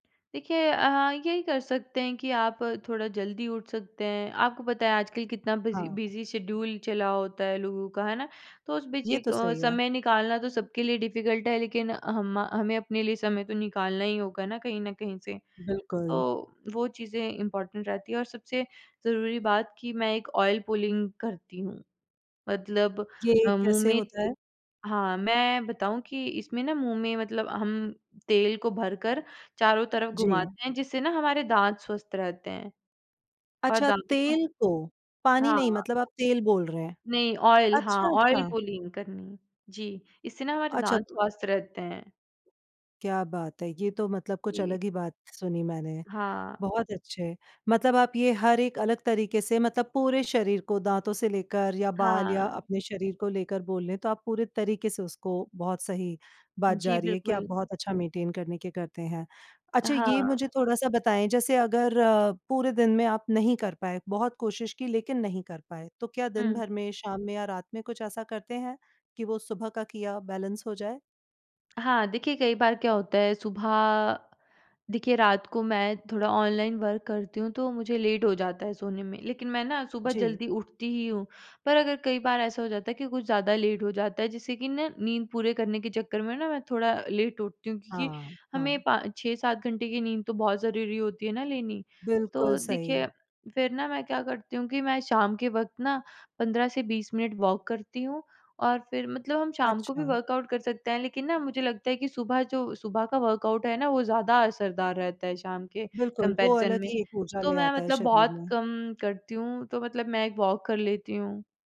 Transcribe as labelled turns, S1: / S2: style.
S1: देखिए अ, यही कर सकते हैं कि आप थोड़ा जल्दी उठ सकते हैं, आपको पता है आजकल कितना बिज़ी
S2: हाँ।
S1: बिज़ी शेड्यूल चला होता है लोगों का, है ना? तो उस बीच
S2: ये तो
S1: एक
S2: सही है।
S1: समय निकालना तो
S2: हुँ।
S1: सबके लिए डिफिकल्ट है लेकिन हम अ, हमें अपने लिए समय तो निकालना ही होगा ना कहीं न कहीं से।
S2: बिल्कुल।
S1: तो वो चीज़ें इम्पोर्टेंट रहती है और सबसे ज़रूरी बात कि मैं एक ऑयल पुलिंग करती हूँ, मतलब
S2: ये
S1: अ, मुँह
S2: कैसे
S1: में
S2: होता
S1: ए
S2: है?
S1: हाँ, मैं बताऊँ कि इसमें ना मुँह में मतलब हम तेल को भरकर चारों तरफ
S2: जी।
S1: घुमाते हैं जिससे ना हमारे दाँत स्वस्थ रहते हैं। और
S2: अच्छा,
S1: दाँतों का
S2: तेल
S1: जो
S2: को, पानी नहीं
S1: हाँ।
S2: मतलब आप तेल बोल रहे हैं।
S1: नहीं, ऑयल हाँ,
S2: अच्छा,
S1: ऑयल
S2: अच्छा।
S1: पुलिंग करनी, जी, इससे ना हमारे
S2: अच्छा
S1: दाँत
S2: तो
S1: स्वस्थ रहते हैं।
S2: क्या बात है! ये तो मतलब कुछ
S1: जी।
S2: अलग ही बात सुनी मैंने,
S1: हाँ।
S2: बहुत अच्छे मतलब आप ये हर एक अलग तरीके से मतलब पूरे शरीर को दाँतों से लेकर या बाल या
S1: हाँ।
S2: अपने शरीर को लेकर बोले ले, तो आप पूरे तरीके से उसको बहुत सही बात जा
S1: जी,
S2: रही है कि आप
S1: बिल्कुल।
S2: बहुत अच्छा मेंटेन करने के करते हैं।
S1: अ,
S2: अच्छा ये
S1: हाँ।
S2: मुझे थोड़ा-सा बताएँ जैसे अगर
S1: जी।
S2: पूरे दिन में आप नहीं कर पाए, बहुत कोशिश की लेकिन नहीं कर पाए तो क्या दिन
S1: हुँ।
S2: भर में, शाम में या रात में कुछ ऐसा करते हैं, कि वो सुबह का किया बैलेंस हो जाए?
S1: हाँ, देखिए कई बार क्या होता है सुबह देखिए, रात को मैं थोड़ा ऑनलाइन वर्क करती हूँ तो मुझे लेट हो जाता है सोने में लेकिन मैं ना सुबह
S2: जी।
S1: जल्दी उठती ही हूँ। पर अगर कई बार ऐसा हो जाता है कि कुछ ज़्यादा लेट हो जाता है, जिससे कि ना नींद पूरी करने के चक्कर में ना मैं थोड़ा लेट उठती हूँ, क्योंकि
S2: हाँ,
S1: हमें
S2: हाँ।
S1: पा 6-7 घंटे की नींद तो बहुत ज़रूरी होती है ना लेनी।
S2: बिल्कुल
S1: तो
S2: सही।
S1: देखिए, फिर ना मैं क्या करती हूँ कि मैं शाम के वक़्त ना 15 से 20 मिनट वॉक करती हूँ और फिर मतलब हम शाम को भी
S2: अच्छा।
S1: वर्कआउट कर सकते हैं, लेकिन ना मुझे लगता है कि सुबह जो सुबह का वर्कआउट है ना वो ज़्यादा असरदार रहता है शाम के
S2: बिल्कुल, वो
S1: कंपैरिज़न
S2: अलग
S1: में।
S2: ही ऊर्जा
S1: तो
S2: ले
S1: मैं
S2: आता है
S1: मतलब
S2: शरीर
S1: बहुत
S2: में।
S1: कम करती हूँ, तो मतलब मैं एक वॉक कर लेती हूँ।